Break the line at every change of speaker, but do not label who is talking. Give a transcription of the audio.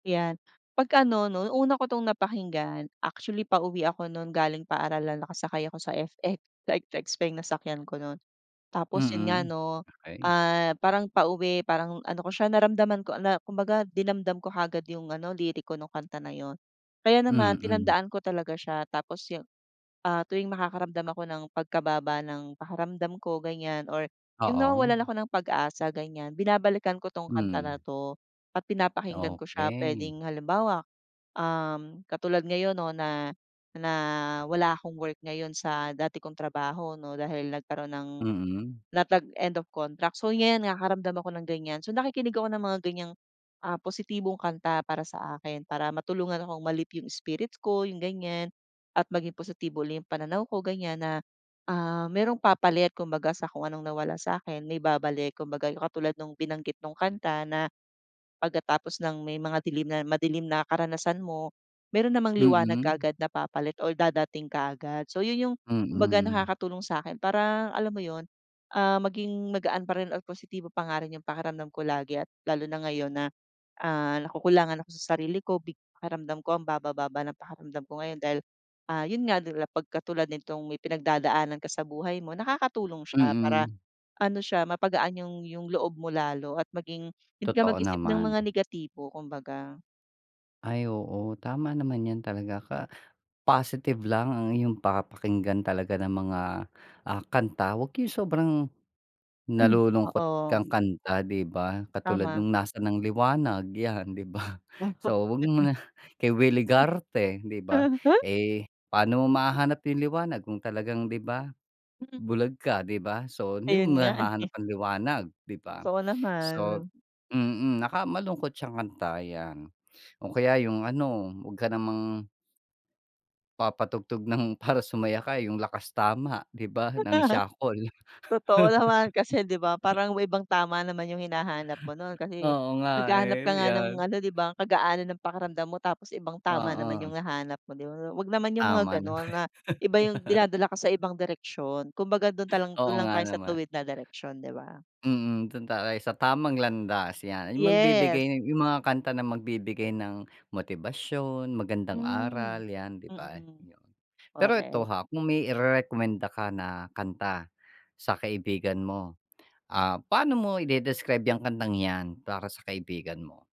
'Yan, pag ano no, una ko tong napakinggan. Actually pauwi ako nun galing paaralan nakasakay ako sa FX, sa FX pa nasakyan ko nun. Tapos yun nga
Mm,
'no,
okey.
ah, parang pauwi parang ano ko siya naramdaman ko na. Kumbaga dinamdam ko kaagad yung ano liriko nung kanta na yun. Kaya naman
Mm.
tinandaan ko talaga siya tapos yung, ah, tuwing makakaramdam ako ng pagkababa ng pakiramdam ko ganyan or yung
Oo.
nawawalan ako ng pag-asa ganyan. Binabalikan ko 'tong kanta na
Mm.
'to, at pinapakinggan ko siya
Okey.
puwedeng halimbawa, um, katulad ngayon 'no na na wala akong work ngayon sa dati kong trabaho 'no dahil nagkaron ng,
Mm.
na tag end of contract. So 'yan nakakaramdam ako ng ganyan. So nakikinig ako ng mga ganyang, ah, positibong kanta para sa akin. Para matulungan akong ma-lift yung spirits ko yung ganyan, at maging positibo yung pananaw ko ganyan na, ah, merong papalit kumbaga sa kung anong nawala sa'kin. May babalik kumbaga. Yung katulad nung binanggit nung kanta na, pagkatapos ng may mga dilim na madilim na karanasan mo, meron namang liwanag
Mm.
kaagad na papalit or dadating kaagad. So yun yung kumbaga
Mm.
nakakatulong sa'kin parang alam mo yun, ah, maging magaan pa rin at positibo pa nga rin yung pakiramdam ko lagi at lalo na ngayon na, ah, nakukulangan ako sa sarili ko big pakiramdam ko ang babababa ng pakiramdam ko ngayon dahil, ah, yun nga pagkatulad nitong may pinagdadaanan ka sa buhay mo, nakakatulong siya para,
Mm.
ano siya mapagaan yung yung loob mo lalo at maging hindi ka
Totoo
mag-isip ng mga
naman.
negatibo kumbaga.
Ay oo. Tama naman 'yan talaga ka. Positive lang ang iyong papakinggan talaga ng mga, ah, kanta. Wag yung sobrang,
Hmm,
nalulungkot
oo.
kang kanta 'di ba katulad
Tama.
nung nasa ng liwanag 'yan, 'di ba so wag mo
[unintelligible]
muna kay Willy Garte 'di ba. Eh, pano mo mahahanap yung liwanag kung talagang 'di ba. Bulag ka 'di ba. So hindi
Ayun
mo
nga
mahahanap
eh.
ng liwanag 'di ba?
Totoo
So,
naman.
mm naka malungkot siyang kanta 'yan. O kaya yung ano wag ka namang papatugtog ng para sumaya ka yung Lakas Tama 'di ba? Ng Siakol.
Totoo naman kasi 'di ba parang may ibang tama naman yung hinahanap mo nun kasi
Oo nga,
naghahanap ka
eh,
nga ng
'yan.
ano 'di ba kagaanan ng pakiramdam mo tapos ibang tama naman
Oo.
yung hahanap mo 'di ba. Wag naman yung
Tama
mga ganon
naman.
na iba yung dinadala ka sa ibang direksyon. Kung baga dun talang
Oo
dun lang
nga
tayo sa
naman.
tuwid na direksyon 'di ba.
Mm, dun tayo sa tamang landas. 'Yan yung
Yes.
magbibigay yung mga kanta na magbibigay ng motibasyon, magandang aral
Hmm,
'yan 'di ba?
mm.
Yun. Pero ito
Korek.
ha, kung may irerekomenda ka na kanta sa kaibigan mo, ah, paano mo idedescribe yung kantang 'yan para sa kaibigan mo?